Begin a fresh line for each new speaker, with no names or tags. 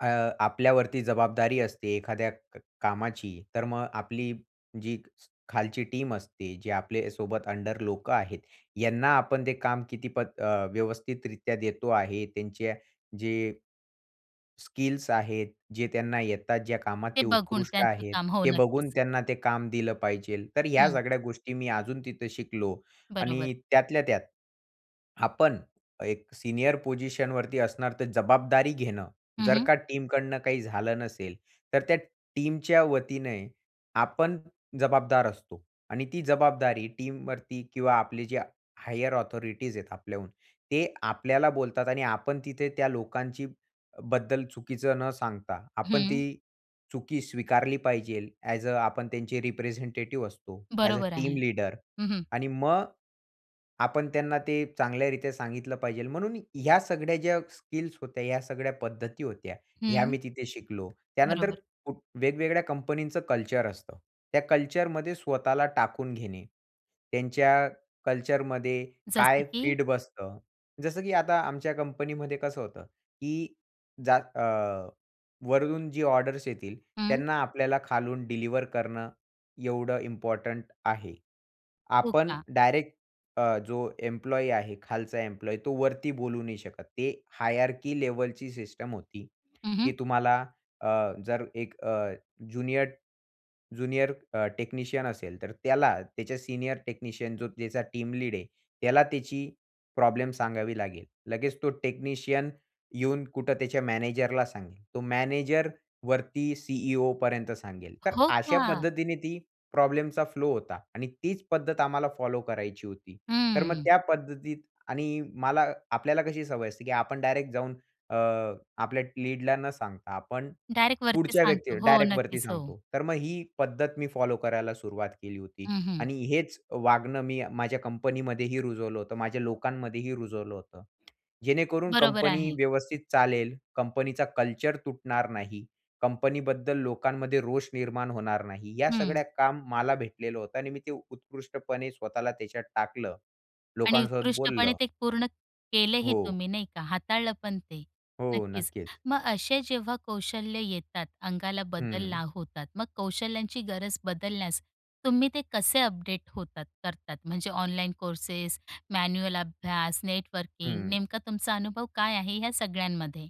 अ, आपल्यावरती जबाबदारी असते एखाद्या क कामाची, तर मग आपली जी स खालची टीम असते, जे आपल्यासोबत अंडर लोकं आहेत, यांना आपण ते काम किती पद अ, व्यवस्थितरीत्या देतो आहे. त्यांच्या जे स्किल्स आहेत, जे त्यांना येतात. ज्या कामात
हे
ते
बघून,
उत्कृष्ट
त्यांचे
आहेत,
काम. हो,
ते बघून
नक्कीच.
त्यांना ते काम दिलं पाहिजे. तर ह्या
हं.
सगळ्या गोष्टी मी अजून तिथं शिकलो.
बरोबर.
आणि त्यातल्या त्यात, आपण एक सीनियर पोझिशनवरती असणार, तर जबाबदारी घेणं.
हं,
जर
हं.
का टीमकडून काही झालं नसेल, तर त्या टीमच्या वतीने आपण जबाबदार असतो आणि ती जबाबदारी टीमवरती किंवा आपले जे हायर ऑथॉरिटीज आहेत आपल्याहून ते आपल्याला बोलतात आणि आपण तिथे त्या लोकांचीबद्दल चुकीचं न सांगता, आपण
हं.
ती चुकी स्वीकारली पाहिजे. अ‍ॅज अ आपण त्यांचे रिप्रेझेंटेटिव्ह असतो, अ‍ॅज अ
बरोबर
टीम
आहे.
लीडर
हं, हं.
आणि मग आपण त्यांना ते चांगल्यारीत्या सांगितलं पाहिजे, म्हणून ह्या सगळ्या ज्या स्किल्स होत्या, या सगळ्या पद्धती होत्या, ह्या
हं.
मी तिथे शिकलो. त्यानंतर
बरोबर.
वेगवेगळ्या कंपनींचं कल्चर असतं, त्या कल्चरमध्ये स्वतःला टाकून घेणे, त्यांच्या कल्चरमध्ये
जसे
काय
की?
फीट बसतं जसं, की अ, आता आमच्या कंपनीमध्ये कसं होतं, की जा अ, वरून जी ऑर्डर्स येतील
हं.
त्यांना आपल्याला खालून डिलिव्हर करणं एवढं इम्पोर्टंट आहे.
हो,
आपण
का?
डायरेक्ट अ, जो एम्प्लॉयी आहे, खालचा एम्प्लॉयी, तो वरती बोलू नाही शकत. ते हायरार्की लेव्हलची सिस्टम होती,
हं,
की
हं.
तुम्हाला अ, जर एक अ, ज्युनियर, ज्युनियर अ, टेक्निशियन असेल, तर त्याला त्याच्या सीनियर टेक्निशियन जो त्याचा टीम लीड आहे त्याला त्याची प्रॉब्लेम सांगावी लागेल. लगेच तो टेक्निशियन येऊन कुठं त्याच्या मॅनेजरला सांगेल. तो मॅनेजर वरती सीईओपर्यंत सांगेल. तर
हो,
अशा
का?
पद्धतीने ती प्रॉब्लेमचा फ्लो होता आणि तीच पद्धत आम्हाला फॉलो करायची होती. तर मग
हं.
त्या पद्धतीत आणि मला आपल्याला कशी सवय असते, की आपण डायरेक्ट जाऊन अ, आपल्या लीडला न सांगता, आपण,
डायरेक्ट वरती
पुढच्या व्यक्तीला,
सांगतो. हो,
डायरेक्ट वरती
नक्कीच. हो.
सांगतो. तर मग ही पद्धत मी फॉलो करायला सुरुवात केली होती.
हं, हं.
आणि हेच वागणं मी माझ्या कंपनीमध्येही रुजवलं होतं, माझ्या लोकांमध्येही रुजवलं होतं. जेणेकरून
बरोबर
कंपनी
आहे.
व्यवस्थित चालेल, कंपनीचा कल्चर तुटणार नाही. कंपनीबद्दल लोकांमध्ये रोष निर्माण होणार नाही. या
हं.
सगळ्या काम मला भेटलेलं होतं आणि मी ते उत्कृष्टपणे स्वतःला त्याच्यात टाकलं.
आणि
लोकांसोबत
उत्कृष्टपणे
बोललं.
ते पूर्ण केलेही
हो.
तुम्ही, नाही का? हाताळलं पण ते,
हो.
नक्कीच.
नक्कीच.
मग असे जेव्हा कौशल्य येतात, अंगाला
हं.
बदलला होतात, मग कौशल्यांची गरज बदलण्यास तुम्ही ते कसे अपडेट होतात करतात, म्हणजे ऑनलाईन कोर्सेस, मॅन्युअल अभ्यास, नेटवर्किंग,
हं.
नेमका तुमचा अनुभव काय आहे ह्या सगळ्यांमध्ये?